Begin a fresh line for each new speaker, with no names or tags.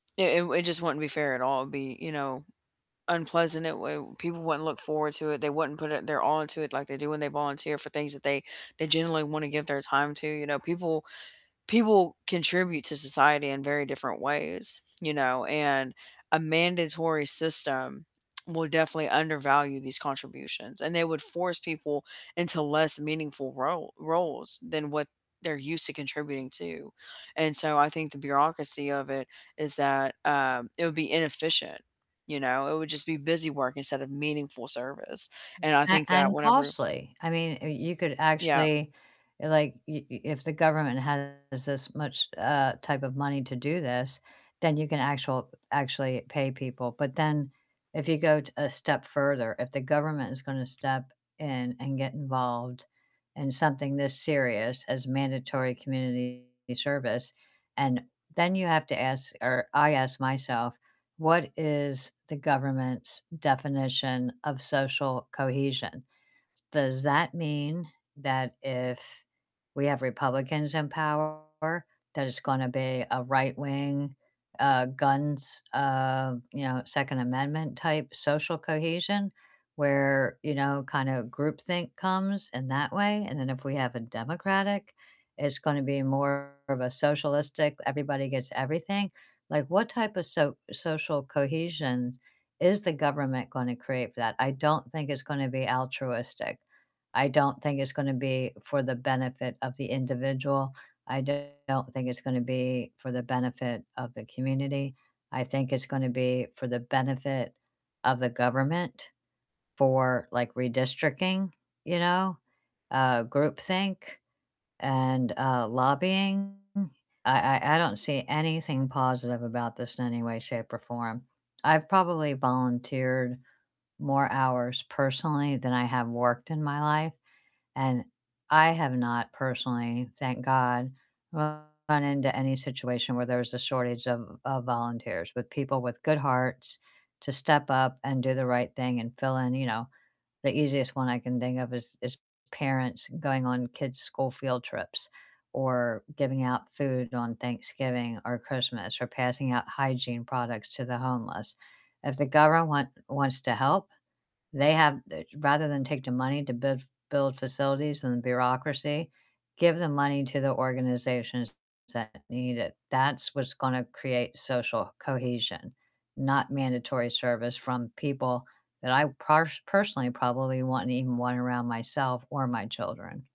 It it w it just wouldn't be fair at all. It'd be, you know, unpleasant, it w people wouldn't look forward to it, they wouldn't put it their all into it like they do when they volunteer for things that they they generally wanna give their time to, you know, people people contribute to society in very different ways, you know, and a mandatory system will definitely undervalue these contributions, and they would force people into less meaningful role roles than what they're used to contributing to, and so I think the bureaucracy of it is that, um, it would be inefficient, you know? It would just be busy work instead of meaningful service, and I
A
think that
and
whenever
costly, I mean, y you could
Yep.
actually, like y y if the government has this much, uh, type of money to do this, then you can actual actually pay people, but then if you go a step further, if the government is gonna step in and get involved in something this serious as mandatory community service, and then you have to ask or I ask myself, "What is the government's definition of social cohesion?" Does that mean that if we have Republicans in power, that it's gonna be a right-wing, uh, guns, uh, you know, Second Amendment type social cohesion, where, you know, kinda groupthink comes in that way, and then if we have a Democratic, it's gonna be more of a socialistic everybody gets everything? Like, what type of so social cohesions is the government gonna create for that? I don't think it's gonna be altruistic. I don't think it's gonna be for the benefit of the individual. I do not think it's gonna be for the benefit of the community. I think it's gonna be for the benefit of the government for, like, redistricting, you know, uh, groupthink, and, uh, lobbying. I I I don't see anything positive about this in any way, shape, or form. I've probably volunteered more hours personally than I have worked in my life, and I have not personally, thank god, run into any situation where there's a shortage of of volunteers with people with good hearts to step up and do the right thing and fill in, you know, the easiest one I can think of is is parents going on kids' school field trips, or giving out food on Thanksgiving or Christmas, or passing out hygiene products to the homeless. If the govern want wants to help, they have they Rather than take the money to build build facilities and bureaucracy, give the money to the organizations that need it. That's what's gonna create social cohesion, not mandatory service from people that I parsh personally probably wouldn't even want around myself or my children.